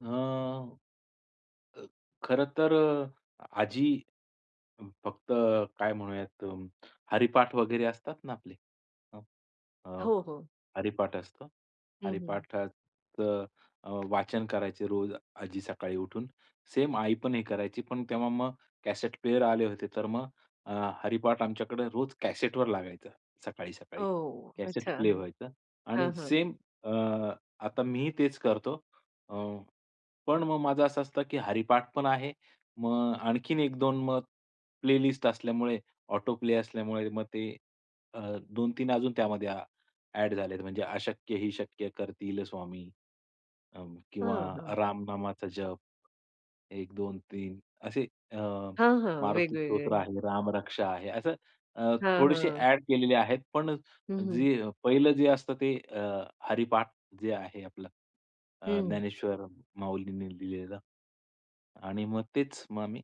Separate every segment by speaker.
Speaker 1: अ, अ, खरं तर, अ, आजी अ, फक्त काय म्हणूयात, हरिपाठ वगैरे असतात ना, आपले, हं, अ,
Speaker 2: हो, हो.
Speaker 1: हरिपाठ असतं.
Speaker 2: हं, हं.
Speaker 1: हरिपाठाचं अ, वाचन करायचे रोज आजी सकाळी उठून. सेम आई पण हे करायची. पण तेव्हा मग कॅसेट प्लेयर आले होते, तर मग अ, हरिपाठ आमच्याकडे रोज कॅसेटवर लागायचं सकाळी-सकाळी.
Speaker 2: ओ!
Speaker 1: कॅसेट
Speaker 2: अच्छा.
Speaker 1: प्ले व्हायचं आणि
Speaker 2: हां, हां.
Speaker 1: सेम अ, आता मीही तेच करतो. अ, पण मग माझं असं असतं, की हरिपाठ पण आहे. मग आणखीन 1-2 मग प्लेलिस्ट असल्यामुळे ऑटो प्ले असल्यामुळे मग ते अ, 2-3 अजून त्यामध्ये अ, ॲड झाले आहेत, म्हणजे अशक्य ही शक्य करतील स्वामी, अ, किंवा
Speaker 2: हां. हं.
Speaker 1: रामनामाचा जप, 1, 2, 3 असे अ,
Speaker 2: हां, हां.
Speaker 1: मारुती
Speaker 2: वेगवेगळे.
Speaker 1: स्तोत्र आहे, रामरक्षा आहे. असं अ,
Speaker 2: हां,
Speaker 1: थोडेसे
Speaker 2: हां.
Speaker 1: ॲड केलेले आहेत. पण
Speaker 2: हं, हं.
Speaker 1: जी पहिलं जे असतं, ते अ, हरिपाठ जे आहे आपलं अ,
Speaker 2: हं.
Speaker 1: ज्ञानेश्वर माऊलींनी लिहिलेलं आणि मग तेच मग आम्ही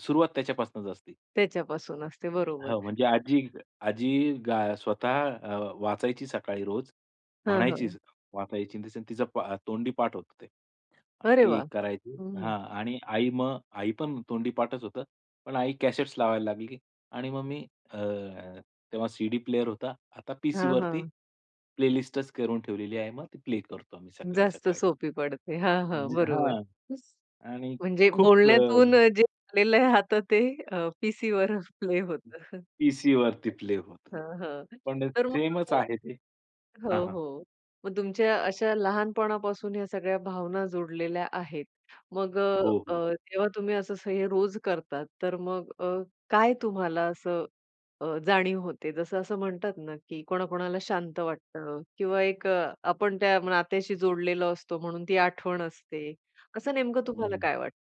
Speaker 1: सुरुवात त्याच्यापासूनच असती.
Speaker 2: त्याच्यापासून असते बरोबर.
Speaker 1: हो. म्हणजे आजी आजी गा स्वतः अ, वाचायची सकाळी रोज.
Speaker 2: हां, हां.
Speaker 1: म्हणायचीचं वाचायची इन द सेन्स तिचा तोंडी पाठ होतं ते.
Speaker 2: अरे
Speaker 1: ती
Speaker 2: वाह!
Speaker 1: करायची
Speaker 2: हं.
Speaker 1: हां आणि आई मग आई पण तोंडी पाठच होतं. पण आई कॅसेट्स लावायला लागली आणि मग मी अ, तेव्हा सीडी प्लेयर होता. आता
Speaker 2: हां,
Speaker 1: पीसीवरती
Speaker 2: हां.
Speaker 1: प्लेलिस्टच करून ठेवलेली आहे. मग ती प्ले करतो आम्ही
Speaker 2: जास्त
Speaker 1: सकाळी-सकाळी.
Speaker 2: सोपी पडते. हां,
Speaker 1: अ,
Speaker 2: हां.
Speaker 1: ज
Speaker 2: बरोबर.
Speaker 1: हां.
Speaker 2: खुश,
Speaker 1: आणि
Speaker 2: म्हणजे
Speaker 1: खूप अ
Speaker 2: बोलण्यातून जे आलेलं आहे आता ते पीसीवर प्ले होतं. हं.
Speaker 1: पीसीवरती प्ले होतं.
Speaker 2: हां, हां.
Speaker 1: पण
Speaker 2: तर मग
Speaker 1: सेमच
Speaker 2: [unintelligible]
Speaker 1: आहे ते. हां,
Speaker 2: हं.
Speaker 1: हां.
Speaker 2: हो. मग तुमच्या अशा लहानपणापासून ह्या सगळ्या भावना जुडलेल्या आहेत. मग अ,
Speaker 1: हो, हो.
Speaker 2: अ, तेव्हा तुम्ही असं स हे रोज करता. तर मग अ, काय तुम्हाला असं अ, जाणीव होते जसं असं म्हणतात ना, की कोणाकोणाला शांत वाटतं किंवा एक आपण त्या नात्याशी जोडलेलो असतो म्हणून ती आठवण असते. असं नेमकं
Speaker 1: हं,
Speaker 2: तुम्हाला
Speaker 1: हं.
Speaker 2: काय वाटतं?